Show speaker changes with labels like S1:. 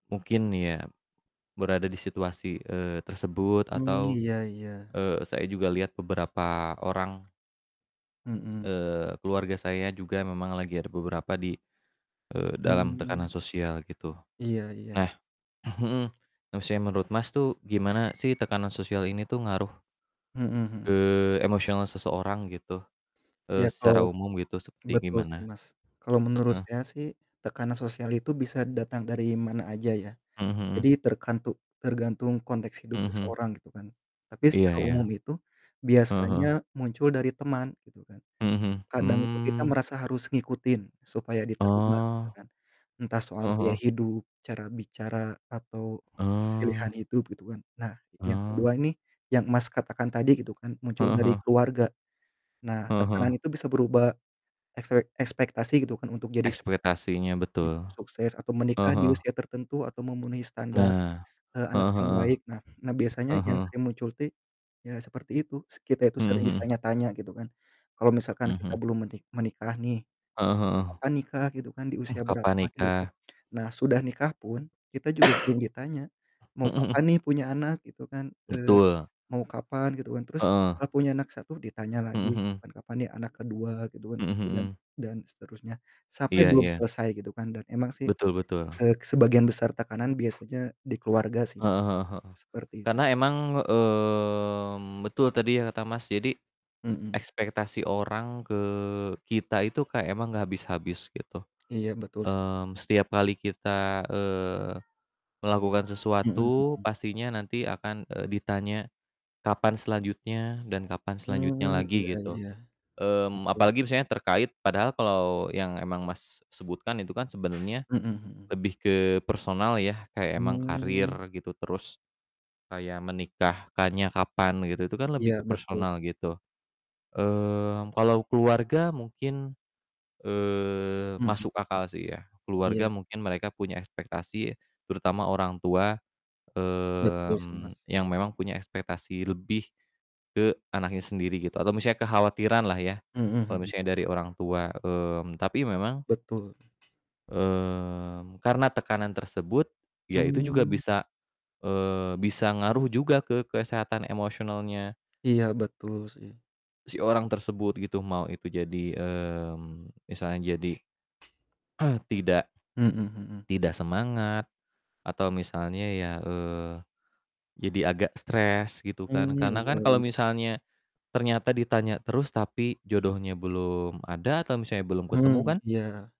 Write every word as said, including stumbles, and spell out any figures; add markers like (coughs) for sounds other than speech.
S1: Mungkin ya berada di situasi, eee, tersebut
S2: Mmm,
S1: atau,
S2: iya iya.
S1: eee, saya juga lihat beberapa orang
S2: Mhm.
S1: eee, keluarga saya juga memang lagi ada beberapa di, eee, dalam
S2: Mmm.
S1: tekanan sosial gitu.
S2: Iya iya.
S1: Nah, (clears throat) mhm, nah, maksudnya menurut Mas tuh gimana sih tekanan sosial ini tuh ngaruh
S2: Mhm mhm.
S1: ke emosional seseorang, gitu,
S2: Ya,
S1: eee, secara
S2: kalau
S1: umum, gitu, seperti
S2: betul sih,
S1: gimana?
S2: Mas. Kalau menurut
S1: Heeh.
S2: saya sih tekanan sosial itu bisa datang dari mana aja ya.
S1: Mhm
S2: Jadi
S1: mhm.
S2: terkantu tergantung konteks hidup
S1: Mhm mhm.
S2: seseorang, gitu kan. Tapi
S1: Iya
S2: secara
S1: iya.
S2: umum itu
S1: Heeh
S2: biasanya
S1: heeh.
S2: muncul dari teman, gitu kan.
S1: Mhm mhm,
S2: Kadang itu kita
S1: hmm.
S2: merasa harus ngikutin, supaya diterima gitu
S1: Oh.
S2: kan. Entah soal
S1: Heeh
S2: gaya
S1: heeh.
S2: hidup, cara bicara, atau pilihan
S1: Oh.
S2: hidup, gitu kan. Nah, yang
S1: Oh.
S2: kedua ini yang, Mas, katakan tadi, gitu kan, muncul
S1: Heeh
S2: dari
S1: heeh.
S2: keluarga. Nah,
S1: Heeh heeh.
S2: tekanan itu bisa berubah ekspek ekspektasi, gitu kan, untuk jadi sukses
S1: ekspretasinya,
S2: jadi
S1: betul.
S2: sukses atau
S1: Heeh
S2: menikah di
S1: heeh.
S2: usia tertentu atau memenuhi standar,
S1: Nah,
S2: eee, anak
S1: heeh
S2: yang
S1: heeh.
S2: baik. Nah nah biasanya
S1: Ah
S2: yang
S1: hah.
S2: sering muncul tuh, ya seperti itu, se kita itu sering
S1: Mhm mhm.
S2: ditanya-tanya, gitu kan. Kalo misalkan
S1: Mhm
S2: kita
S1: mhm.
S2: belum meni menikah nih,
S1: Heeh heeh.
S2: "Kapan nikah?" Gitu kan, "Di
S1: Hmm,
S2: usia
S1: kapan
S2: berapa?" Gitu kan.
S1: nikah.
S2: Nah, sudah nikah pun, kita juga sering ditanya,
S1: (coughs)
S2: "Mau
S1: Mhm mhm.
S2: kapan nih punya anak?" Gitu kan, eee,
S1: Betul.
S2: "Mau kapan?" Gitu kan. Terus
S1: Heeh.
S2: setelah punya anak satu ditanya
S1: Mhm
S2: lagi,
S1: mhm.
S2: "Kapan kapan nih anak kedua?" Gitu kan.
S1: Mhm
S2: Dan s
S1: mhm.
S2: dan seterusnya. Sampai
S1: Iya
S2: belum
S1: iya.
S2: selesai, gitu kan. Dan emang sih,
S1: Betul betul.
S2: eee, sebagian besar tekanan biasanya di keluarga sih, Mas.
S1: Heeh heeh heeh.
S2: Seperti itu.
S1: Karena emang, mmm, betul tadi ya kata Mas, jadi,
S2: Mhm.
S1: ekspektasi orang ke kita itu kayak emang nggak habis-habis, gitu.
S2: Iya, betul sih, Mas.
S1: Mmm, setiap kali kita, eee, melakukan
S2: Mhm
S1: sesuatu
S2: mhm.
S1: pastinya nanti akan, eee, ditanya kapan selanjutnya dan kapan selanjutnya
S2: Mmm, iya
S1: lagi, gitu.
S2: iya.
S1: Mmm,
S2: Betul.
S1: apalagi misalnya terkait padahal kalo yang emang Mas sebutkan itu kan sebenernya
S2: Mhm mhm.
S1: lebih ke personal ya, kayak emang karir,
S2: Mmm.
S1: gitu, terus kayak menikahkannya kapan, gitu, itu kan lebih
S2: Iya,
S1: ke
S2: betul.
S1: personal gitu. Mmm, kalau keluarga mungkin, eee,
S2: Mhm
S1: masuk
S2: mhm.
S1: akal sih ya. Keluarga
S2: Iya.
S1: mungkin mereka punya ekspektasi, terutama orangtua,
S2: Betul sih, Mas.
S1: mmm, yang memang punya ekspektasi lebih ke anaknya sendiri, gitu, atau misalnya kekhawatiran lah ya,
S2: Mhm
S1: kalo
S2: mhm.
S1: misalnya dari orang tua, mmm, tapi memang
S2: Betul.
S1: mmm, karena tekanan tersebut, ya itu juga
S2: Mmm.
S1: bisa, eee, bisa ngaruh juga ke kesehatan emosionalnya
S2: Iya, betul sih.
S1: si orang tersebut, gitu, mau itu jadi, mmm, misalnya jadi, (clears throat) tidak
S2: Mhm mhm.
S1: tidak semangat. Atau misalnya ya, eee, jadi agak stres, gitu kan.
S2: Mmm,
S1: Karena kan
S2: iya
S1: kalau
S2: iya.
S1: misalnya ternyata ditanya terus tapi jodohnya belum ada atau misalnya belum ketemu
S2: Mmm,
S1: kan
S2: iya.